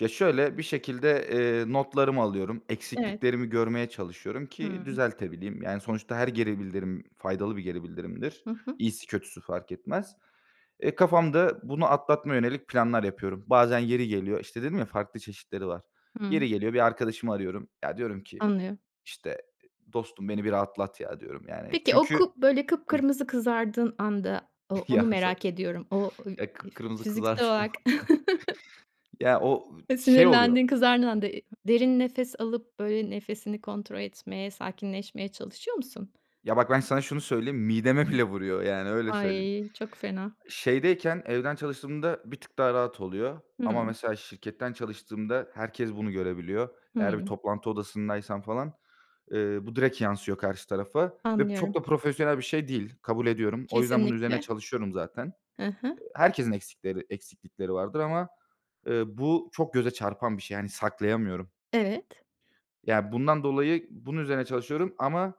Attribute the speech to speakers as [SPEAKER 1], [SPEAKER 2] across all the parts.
[SPEAKER 1] Ya şöyle, bir şekilde, eee, notlarımı alıyorum.
[SPEAKER 2] Evet.
[SPEAKER 1] Eksikliklerimi görmeye çalışıyorum ki
[SPEAKER 2] Hıı.
[SPEAKER 1] düzeltebileyim. Yani, sonuçta her geri bildirim, faydalı bir geri bildirimdir.
[SPEAKER 2] Hı hı.
[SPEAKER 1] İyisi kötüsü fark etmez. Eee, kafamda bunu atlatmaya yönelik planlar yapıyorum. Bazen yeri geliyor, işte, dedim ya, farklı çeşitleri var.
[SPEAKER 2] Hıı.
[SPEAKER 1] Yeri geliyor bir arkadaşımı arıyorum. Ya, diyorum ki,
[SPEAKER 2] Anlıyorum.
[SPEAKER 1] işte, "Dostum beni bir rahatlat, ya" diyorum yani.
[SPEAKER 2] Peki, o
[SPEAKER 1] Çünkü.
[SPEAKER 2] ku böyle,
[SPEAKER 1] Hı
[SPEAKER 2] kıpkırmızı kızardığın anda o onu
[SPEAKER 1] Ya, so
[SPEAKER 2] merak ediyorum. O,
[SPEAKER 1] eee,
[SPEAKER 2] [unintelligible]
[SPEAKER 1] kıpkırmızı
[SPEAKER 2] fiziksel
[SPEAKER 1] kızardığım
[SPEAKER 2] olarak.
[SPEAKER 1] anlar. Ya, o şey oluyor
[SPEAKER 2] Sinirlendiğin, kızardığın anda, eee, derin nefes alıp, böyle, nefesini kontrol etmeye, sakinleşmeye çalışıyor musun?
[SPEAKER 1] Ya, bak ben sana şunu söyleyeyim, mideme bile vuruyor, yani, öyle söyleyeyim.
[SPEAKER 2] Ay, çok fena.
[SPEAKER 1] Şeydeyken evden çalıştığımda bir tık daha rahat oluyor. Ama,
[SPEAKER 2] Hıı.
[SPEAKER 1] mesela, şirketten çalıştığımda herkes bunu görebiliyor. Eğer bir
[SPEAKER 2] Hıı.
[SPEAKER 1] toplantı odasındaysam falan, eee, bu direkt yansıyor karşı tarafa ve çok
[SPEAKER 2] Anlıyorum.
[SPEAKER 1] da profesyonel bir şey değil. Kabul ediyorum. O yüzden bunun üzerine
[SPEAKER 2] Kesinlikle.
[SPEAKER 1] çalışıyorum zaten.
[SPEAKER 2] Hı hı.
[SPEAKER 1] Eee, herkesin eksikleri, eksiklikleri vardır ama, ııı, bu çok göze çarpan bir şey. Yani, saklayamıyorum.
[SPEAKER 2] Evet.
[SPEAKER 1] Ya, bundan dolayı bunun üzerine çalışıyorum ama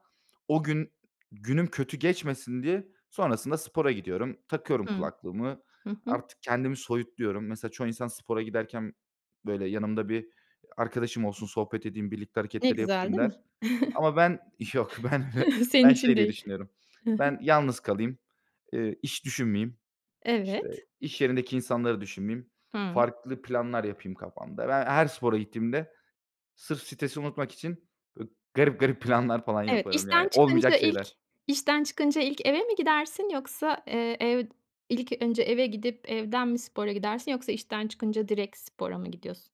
[SPEAKER 1] o gün, günüm kötü geçmesin diye sonrasında spora gidiyorum. Takıyorum
[SPEAKER 2] Hıı.
[SPEAKER 1] kulaklığımı.
[SPEAKER 2] Hı hı.
[SPEAKER 1] Artık kendimi soyutluyorum. Mesela, çoğu insan spora giderken, böyle, yanımda bir arkadaşım olsun, sohbet edeyim, birlikte
[SPEAKER 2] Ne
[SPEAKER 1] hareketleri
[SPEAKER 2] güzel,
[SPEAKER 1] yapayım
[SPEAKER 2] değil
[SPEAKER 1] der.
[SPEAKER 2] mi?
[SPEAKER 1] Ama ben, yok, ben öyle,
[SPEAKER 2] Senin
[SPEAKER 1] ben
[SPEAKER 2] için
[SPEAKER 1] şey diye
[SPEAKER 2] değil.
[SPEAKER 1] düşünüyorum.
[SPEAKER 2] Hı hı.
[SPEAKER 1] Ben yalnız kalayım, ııı, iş düşünmeyeyim, işte,
[SPEAKER 2] Evet.
[SPEAKER 1] iş yerindeki insanları düşünmeyeyim,
[SPEAKER 2] Hıı.
[SPEAKER 1] farklı planlar yapayım kafamda. Ben her spora gittiğimde sırf stresi unutmak için, böyle, garip garip planlar falan
[SPEAKER 2] Evet,
[SPEAKER 1] yaparım, yani,
[SPEAKER 2] işten çıkınca
[SPEAKER 1] olmayacak
[SPEAKER 2] ilk
[SPEAKER 1] şeyler.
[SPEAKER 2] işten çıkınca ilk eve mi gidersin yoksa, eee, ev ilk önce eve gidip, evden mi spora gidersin yoksa işten çıkınca direkt spora mı gidiyorsun?